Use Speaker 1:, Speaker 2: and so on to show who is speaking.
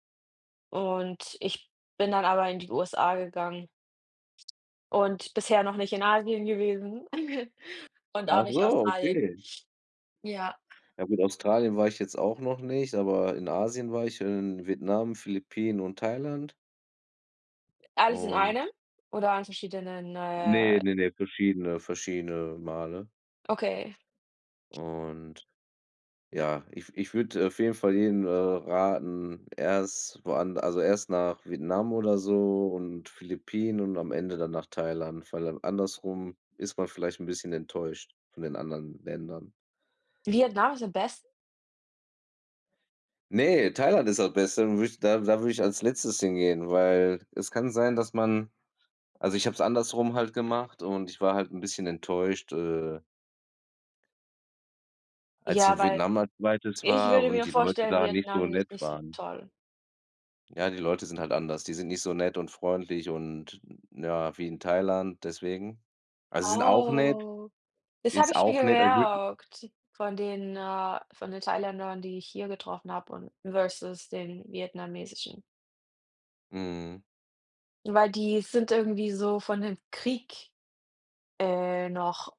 Speaker 1: Und ich bin dann aber in die USA gegangen und bisher noch nicht in Asien gewesen und auch
Speaker 2: Ach
Speaker 1: nicht
Speaker 2: so,
Speaker 1: Australien.
Speaker 2: okay.
Speaker 1: Ja.
Speaker 2: Ja gut, Australien war ich jetzt auch noch nicht, aber in Asien war ich, und in Vietnam, Philippinen und Thailand.
Speaker 1: Alles in einem
Speaker 2: Und
Speaker 1: oder an verschiedenen,
Speaker 2: Ne,
Speaker 1: äh
Speaker 2: ne, ne, verschiedene verschiedene Male.
Speaker 1: Okay.
Speaker 2: Und ja, ich w ich würde auf jeden Fall jedem, äh, raten, erst woand also erst nach Vietnam oder so und Philippinen und am Ende dann nach Thailand, weil an andersrum ist man vielleicht bisschen enttäuscht von den anderen Ländern.
Speaker 1: Vietnam ist am besten?
Speaker 2: Ne, Thailand ist das Beste, und würde ich da da würde ich als Letztes hingehen, weil es kann sein, dass man also ich habe es andersrum halt gemacht und ich war halt 'n bisschen enttäuscht, äh als ich
Speaker 1: Ja,
Speaker 2: in
Speaker 1: weil
Speaker 2: Vietnam als 2.
Speaker 1: ich
Speaker 2: war
Speaker 1: würde
Speaker 2: und
Speaker 1: mir
Speaker 2: die Leute
Speaker 1: vorstellen,
Speaker 2: da nicht so
Speaker 1: Vietnam
Speaker 2: nett
Speaker 1: ist nicht so
Speaker 2: waren.
Speaker 1: toll.
Speaker 2: Ja, die Leute sind halt anders, die sind nicht so nett und freundlich und, ja, wie in Thailand, deswegen. Also, sie sind auch nett
Speaker 1: Oh. Das habe
Speaker 2: ist
Speaker 1: ich mir
Speaker 2: auch nettm aber ich würde
Speaker 1: gemerkt von den äh, von den Thailändern, die ich hier getroffen habe, und versus den vietnamesischen.
Speaker 2: Mhm.
Speaker 1: Weil die sind irgendwie so von dem Krieg, äh, noch